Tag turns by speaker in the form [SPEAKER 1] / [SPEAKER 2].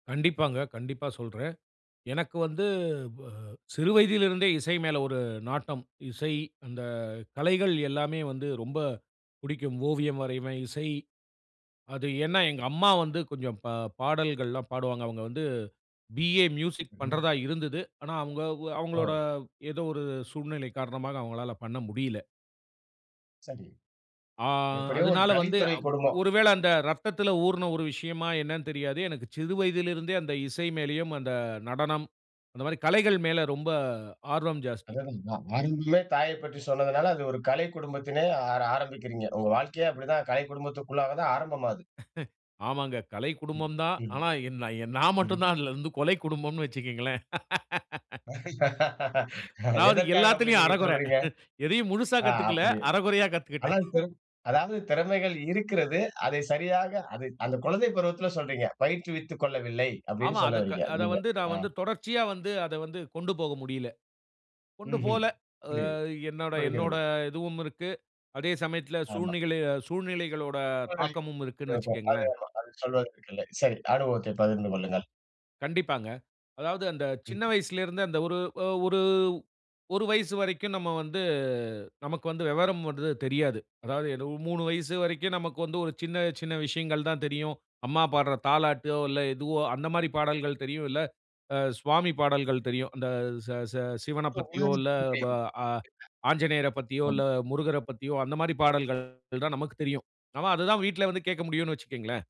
[SPEAKER 1] கண்டிப்பாங்க, கண்டிப்பா சொல்றேன், எனக்கு வந்து, ப சிறு வயதில் இருந்தே இசை மேல ஒரு நாட்டம். இசை அந்த கலைகள் எல்லாமே வந்து ரொம்ப புடிக்கும். ஓவியம் வரைவேன், இசை அது ஏனா எங்க அம்மா வந்து கொஞ்சம் பா பாடல்கள்லாம் பாடுவாங்க. அவங்க வந்து, பி.ஏ மியூசிக்
[SPEAKER 2] ம்ம்
[SPEAKER 1] பண்ணுறதா இருந்தது. ஆனா அவங்க அவங்களோட
[SPEAKER 2] ஓ!
[SPEAKER 1] ஏதோ ஒரு சூழ்நிலை காரணமாக அவங்களால பண்ண முடியல.
[SPEAKER 2] சரி.
[SPEAKER 1] ஆ,
[SPEAKER 2] எப்படியோ ஒரு
[SPEAKER 1] அதனால வந்து
[SPEAKER 2] கலைத்துறை குடும்பம்.
[SPEAKER 1] ஒருவேளை அந்த இரத்தத்தில ஊறின ஒரு விஷயமா என்னன்னு தெரியாது. எனக்கு சிறு வயதில இருந்தே அந்த இசை மேலயும் அந்த நடனம், அந்த மாதிரி கலைகள் மேல ரொம்ப ஆர்வம் ஜாஸ்தி.
[SPEAKER 2] அதான், [unintelligible] ஆரம்பமே தாயைப் பற்றி சொன்னதனால அது ஒரு கலை குடும்பத்திலே ஆர ஆரம்பிக்கிறீங்க, உங்க வாழ்க்கையே அப்படி தான் கலை குடும்பத்திற்குள்ளாக தான் ஆரம்பமாது.
[SPEAKER 1] ஆமாங்க "கலை
[SPEAKER 2] ம்
[SPEAKER 1] குடும்பம்" தான்.
[SPEAKER 2] ம்.
[SPEAKER 1] ஆனா எநா நான் மட்டும்
[SPEAKER 2] ம்ஹ்.
[SPEAKER 1] தான் அதிலிருந்து "கொலை குடும்பம்னு" வச்சுக்கோங்களேன். அதாவது
[SPEAKER 2] எதற்காக அப்படி
[SPEAKER 1] எல்லாத்திலுயும்
[SPEAKER 2] நீங்க
[SPEAKER 1] அரைகுறை.
[SPEAKER 2] சொல்றீங்க?
[SPEAKER 1] எதையும் முழுசா
[SPEAKER 2] ஆ
[SPEAKER 1] கத்துக்கல,
[SPEAKER 2] அப்படி
[SPEAKER 1] அரைகுறையா கத்துக்கிட்டேன்.
[SPEAKER 2] அதாது அதாவது திறமைகள் இருக்கிறது, அதை சரியாக அதை அந்த குழந்தை பருவத்தில சொல்றீங்க, பயிற்றுவித்துக் கொள்ளவில்லை, அப்படினு
[SPEAKER 1] ஆமாம்
[SPEAKER 2] சொல்ல
[SPEAKER 1] அதை
[SPEAKER 2] வறீங்க
[SPEAKER 1] அதை
[SPEAKER 2] நீங்க
[SPEAKER 1] வந்து,
[SPEAKER 2] ஆ.
[SPEAKER 1] நான் வந்து தொடர்ச்சியா வந்து, அத வந்து கொண்டு போக முடியல. கொண்டு
[SPEAKER 2] ம்ஹம்
[SPEAKER 1] போல, ஆ
[SPEAKER 2] புரிது,
[SPEAKER 1] என்னோட என்னோட
[SPEAKER 2] புரிகிறது.
[SPEAKER 1] இதுவும் இருக்கு. அதே சமயத்தில
[SPEAKER 2] ஆமா.
[SPEAKER 1] சூழ்நில சூழ்நிலைகளோட
[SPEAKER 2] [unintelligible] சரி.
[SPEAKER 1] தாக்கமும் இருக்குனு
[SPEAKER 2] ம்ஹம்.
[SPEAKER 1] வச்சுக்கோங்களேன்.
[SPEAKER 2] அது சொல்வதற்கு இல்லை. சரி அனுபவத்தை பகிர்ந்து கொள்ளுங்கள்.
[SPEAKER 1] கண்டிப்பாங்க, அதாவது அந்த சின்ன
[SPEAKER 2] ம்ஹ்.
[SPEAKER 1] வயசில இருந்து, அந்த ஒரு ஒரு 1 வயசு வரைக்கும் நம்ம வந்து, நமக்கு வந்து விவரம் வந்து தெரியாது, அதாவது 3 வயசு வரைக்கும் நமக்கு வந்து, ஒரு சின்ன சின்ன விஷயங்கள் தான் தெரியும், அம்மா பாடுற தாலாட்டோ, இல்லை எதுவோ அந்த மாரி பாடல்கள் தெரியும், இல்லை சுவாமி பாடல்கள் தெரியும், அந்த சி சி சிவனைப் பத்தியோ, இல்லை ஆ ஆஞ்சநேயரைப்
[SPEAKER 2] [unintelligible]
[SPEAKER 1] பத்தியோ,
[SPEAKER 2] ம்.
[SPEAKER 1] இல்லை முருகரைப் பத்தியோ, அந்த மாரி பாடல்கள் தான் நமக்குத் தெரியும், ஆனா அத தான் வீட்ல வந்து கேட்க முடியுனு வச்சுக்கோங்களேன்.